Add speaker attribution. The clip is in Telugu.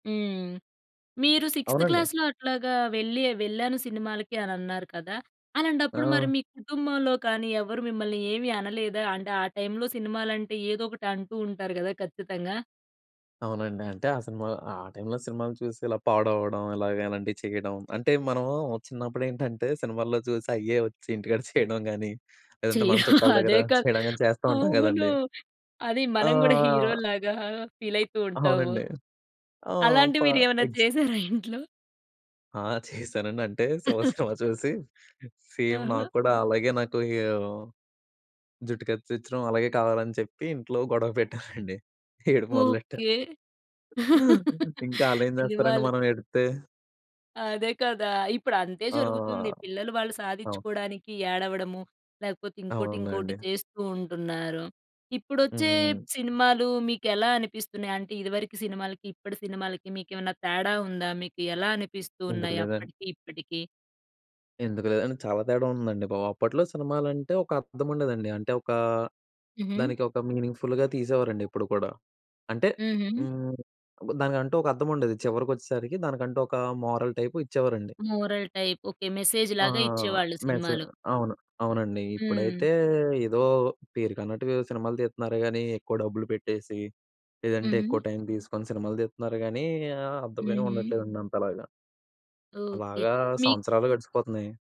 Speaker 1: హ్మ్. మీరు సిక్స్థ్
Speaker 2: అవునండి.
Speaker 1: క్లాస్‌లో అట్లాగా వెళ్ళి ఆహ్, వెళ్ళాను సినిమాలకి అనన్నారు కదా! అలాంటప్పుడు మరి
Speaker 2: ఆ!
Speaker 1: మీ కుటుంబంలో కానీ ఎవరు మిమ్మల్ని ఏవి అనలేదా? అంటే, ఆ టైంలో సినిమాలంటే ఏదో ఒకటి అంటూ ఉంటారు గదా ఖచ్చితంగా.
Speaker 2: అవునండి. అంటే, ఆ సినిమా ఆ టైంలో సినిమాలు చూసి ఇలా పాడవడం. ఇలాగ ఇలాంటియి చెయ్యడం. అంటే, మనం చిన్నప్పుడేంటంటే, సినిమాల్లో జూసి అయ్యే ఒచ్చి ఇంటికాడ చెయడం గానీ, లేదంటే
Speaker 1: చెయ్
Speaker 2: మన చుట్టాల దగ్గర
Speaker 1: అదే కదా!
Speaker 2: చెయనీ గానీ చేస్తా ఉంటాం
Speaker 1: అవును.
Speaker 2: గదండీ.
Speaker 1: అది మనం గూడా
Speaker 2: ఆ!
Speaker 1: హీరో‌ల్లాగా ఫీలయితూ ఉంటాము.
Speaker 2: అవునండి. ఆహ్,
Speaker 1: అలాంటియి
Speaker 2: ఫ
Speaker 1: మీరేవన్నా
Speaker 2: ఎగ్జ్
Speaker 1: చేసారా ఇంట్లో?
Speaker 2: ఆ! చేశానండి. అంటే, 'శివ' సినిమా చూసి, సేమ్
Speaker 1: హుహు.
Speaker 2: నాకు కూడా అలాగే నాకు ఆహ్, జుట్టు కత్తిరించడం అలాగే కావాలని చెప్పి ఇంట్లో గొడవ పెట్టానండి, ఏడుపు మొదలెట్టా.
Speaker 1: ఓకే.
Speaker 2: ఇంకా ఆళ్ళేం జేస్తారండి
Speaker 1: అనేవాళ్ళు.
Speaker 2: మనం ఏడిత్తే.
Speaker 1: అదే కదా! ఇప్పుడు అంతే
Speaker 2: ఆ!
Speaker 1: జరుగుతుంది. పిల్లలు వాళ్ళు
Speaker 2: అవును.
Speaker 1: సాధిచ్చకోడానికి ఏడవడము, లేకపోతే ఇంకోటి ఇంకోటి
Speaker 2: అవునండి.
Speaker 1: చేస్తూ ఉంటున్నారు. ఇప్పుడొచ్చే
Speaker 2: హ్మ్.
Speaker 1: సినిమాలు మీకెలా అనిపిస్తున్నాయి? అంటే, ఇదివరకు సినిమాలకి, ఇప్పటి సినిమాలకి, మీకేవన్నా తేడా ఉందా? మీకి ఎలా అనిపిస్తూ
Speaker 2: ఎందుకు
Speaker 1: ఉన్నాయి
Speaker 2: లేదన్
Speaker 1: అప్పటికి, ఇప్పటికి?
Speaker 2: ఎందుకు లేదండి, చాలా తేడా ఉందండి బాబు. అప్పట్లో సినిమాలంటే ఒక అర్థముండేదండి. అంటే, ఒకా
Speaker 1: హుహు.
Speaker 2: దానికి ఒక మీనింగ్‌ఫుల్లుగా తీసేవారండి ఎప్పుడు కూడా. అంటే
Speaker 1: హుహు.
Speaker 2: హ్మ్, దానికంటూ ఒక అర్థముండేది, చివరకొచ్చేసరికి దానికంటూ ఒక మోరల్ టైపు ఇచ్చేవారండి.
Speaker 1: Moral type. ఓకే.
Speaker 2: ఆ!
Speaker 1: మెసేజ్‌లాగా ఇచ్చేవాళ్ళు
Speaker 2: మెసే
Speaker 1: సినిమాలో.
Speaker 2: అవును. అవునండి.
Speaker 1: హ్మ్.
Speaker 2: ఇప్పుడైతే ఏదో పేరుకన్నట్టుగా ఏవో సినిమాలు తీత్తున్నారు గానీ, ఎక్కువ డబ్బులు పెట్టేసి, లేదంటే ఎక్కువ
Speaker 1: హుహు.
Speaker 2: టైం దీసుకొని సినిమాలు తీత్తున్నారు గానీ ఆహ్, అర్థమే
Speaker 1: హుహు.
Speaker 2: ఉండట్లేదండి అంతలాగా.
Speaker 1: ఓకే.
Speaker 2: అలాగా
Speaker 1: మీ
Speaker 2: సంవత్సరాలు గడిచిపోతున్నాయి.